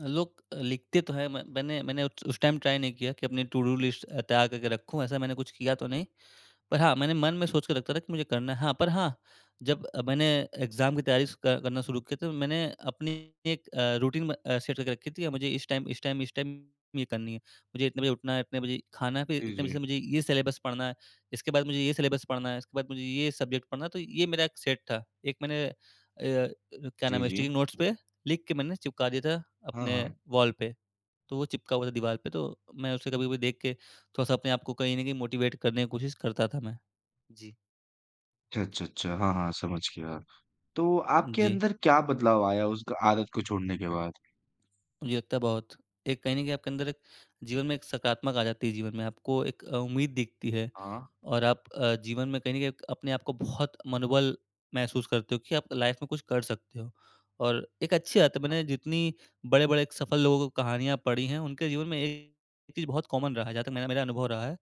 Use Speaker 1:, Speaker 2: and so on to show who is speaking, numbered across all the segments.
Speaker 1: अ, लोग अ, लिखते तो है म मैंने मैंने उ उस टाइम ट्राई नहीं किया कि अपनी टू-डू लिस्ट अ, तैयार करके रखूंँ ऐसा मैंने कुछ किया तो नहीं। पर हाँ, मैंने मन में सोच के रखा था कि मुझे करना है। हाँ, पर हाँ जब अ, मैंने एग्ज़ाम की तैयारी स क करना शुरू किया तो मैंने अपनी एक अ, रूटीन म अ, सेट करके रखी थी और मुझे इस टाइम, इस टाइम, इस टाइम, ये करनी है। मुझे इतने बजे उठना है, इतने बजे खाना है, फिर
Speaker 2: जी,
Speaker 1: इतने बजे से
Speaker 2: जी।
Speaker 1: मुझे ये सिलेबस पढ़ना है, इसके बाद मुझे ये सिलेबस पढ़ना है, इसके बाद मुझे ये सब्जेक्ट पढ़ना है। तो ये मेरा एक सेट था। एक मैंने य क्या नाम
Speaker 2: जी,
Speaker 1: है
Speaker 2: जी।
Speaker 1: स्टिकिंग नोट्स पे लिख के मैंने चिपका दिया था
Speaker 2: हाँ,
Speaker 1: अपने
Speaker 2: हाँ।
Speaker 1: वॉल पे। तो वो चिपका हुआ था दीवार पे तो मैं उसे कभी-कभी देख के थोड़ा-सा अपने को कहीं न कहीं मोटिवेट करने की कोशिश करता था, मैं। जी।
Speaker 2: अच्छा, अच्छा, अच्छा, हाँ, हाँ, समझ गया। तो आपके
Speaker 1: जी।
Speaker 2: अंदर क्या बदलाव आया उस क आदत को छोड़ने के बाद?
Speaker 1: मुझे लगता है बहुत। एक कहीं न कहीं आपके अंदर एक जीवन में एक सकारात्मक आ जाती है जीवन में। आपको एक अ, उम्मीद दिखती है।
Speaker 2: हाँ।
Speaker 1: और आप अ, जीवन में कहीं न कहीं एक अपने आप को बहुत मनोबल महसूस करते हो कि आप लाइफ में कुछ कर सकते हो। और एक अच्छी बात
Speaker 2: हाँ।
Speaker 1: मैंने जितनी बड़े-बड़े सफल लोगों को कहानियाँ पढ़ी है, उनके जीवन में एक चीज़ बहुत कॉमन रहा है जहाँ तक मेरा, मेरा अनुभव रहा है,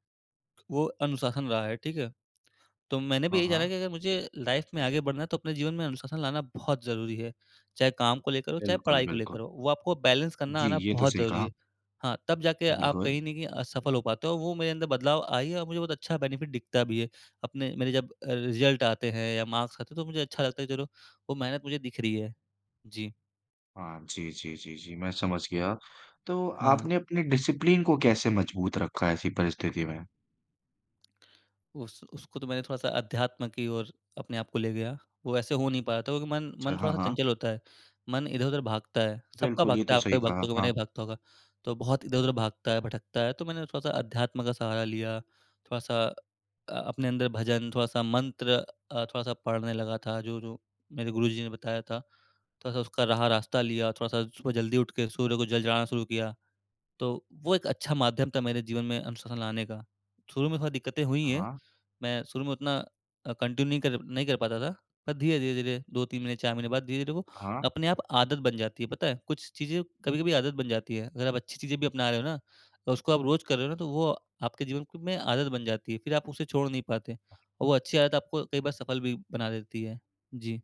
Speaker 1: वो अनुशासन रहा है, ठीक है। तो मैंने भी
Speaker 2: हाँ,
Speaker 1: यही जाना
Speaker 2: हाँ।
Speaker 1: कि अगर मुझे लाइफ में आगे बढ़ना है तो अपने जीवन में अनुशासन लाना बहुत ज़रूरी है। चाहे काम को लेकर हो, चाहे
Speaker 2: बिल्कुल,
Speaker 1: पढ़ाई को लेकर
Speaker 2: बिल्कुल।
Speaker 1: हो, वो आपको बैलेंस करना
Speaker 2: जी,
Speaker 1: आना
Speaker 2: ये तो
Speaker 1: बहुत
Speaker 2: सही
Speaker 1: ज़रूरी
Speaker 2: कहा।
Speaker 1: है। हाँ, तब जाके आप
Speaker 2: बिल्कुल।
Speaker 1: कहीं नहीं कि अ, सफल हो पाते हो। वो मेरे अंदर बदलाव आई है और मुझे बहुत अच्छा बेनिफिट दिखता भी है। अपने मेरे जब अ, रिज़ल्ट आते हैं, या मार्क्स आते हैं, तो मुझे अच्छा लगता है कि चलो वो मेहनत मुझे दिख रही है। जी।
Speaker 2: हाँ, जी, जी, जी, जी, मैं समझ गया। तो
Speaker 1: हाँ।
Speaker 2: आपने अपने डिसिप्लिन को कैसे मजबूत रखा है ऐसी परिस्थिति में?
Speaker 1: उस उसको तो मैंने थोड़ा-सा अध्यात्म की और अपने आप को ले गया। वो ऐसे हो नहीं पाया था क्योंकि मन
Speaker 2: अच्छा,
Speaker 1: मन
Speaker 2: हाँ,
Speaker 1: थोड़ा-सा
Speaker 2: हाँ।
Speaker 1: चंचल होता है। मन इधर-उधर भागता है, सबका
Speaker 2: बिल्कुल। ये
Speaker 1: भागता
Speaker 2: तो
Speaker 1: है, आपका
Speaker 2: सही
Speaker 1: भी
Speaker 2: कहा,
Speaker 1: भागता होगा,
Speaker 2: हाँ।
Speaker 1: मेरा भी भागता होगा तो बहुत इधर-उधर भागता है, भटकता है। तो मैंने थोड़ा-सा अध्यात्म का सहारा लिया, थोड़ा-सा अ, अपने अंदर भजन, थोड़ा-सा मंत्र, अ, थोड़ा-सा पढ़ने लगा था, जो, जो मेरे गुरुजी ने बताया था। थोड़ा-सा उसका राह रास्ता लिया, थोड़ा-सा सुबह जल्दी उठ के सूर्य को जल चढ़ाना शुरू किया, तो वो एक अच्छा माध्यम था मेरे जीवन में अनुशासन लाने का। शुरू में थोड़ी दिक्कतें हुई है,
Speaker 2: हाँ।
Speaker 1: मैं शुरू में उतना अ, कंटिन्यू कर नहीं कर पाता था। पर धीरे, धीरे, धीरे 2-3 महीने, 4 महीने बाद धीरे-धीरे तो वो
Speaker 2: हाँ।
Speaker 1: अपने आप आदत बन जाती है पता है। कुछ चीज़ें कभी-कभी आदत बन जाती है। अगर आप अच्छी चीज़ें भी अपना रहे हो ना तो उसको आप रोज़ कर रहे हो ना तो वो आपके जीवन क में आदत बन जाती है। फिर आप उसे छोड़ नहीं पाते। और वो अच्छी आदत आपको कई बार सफल भी बना देती है। जी।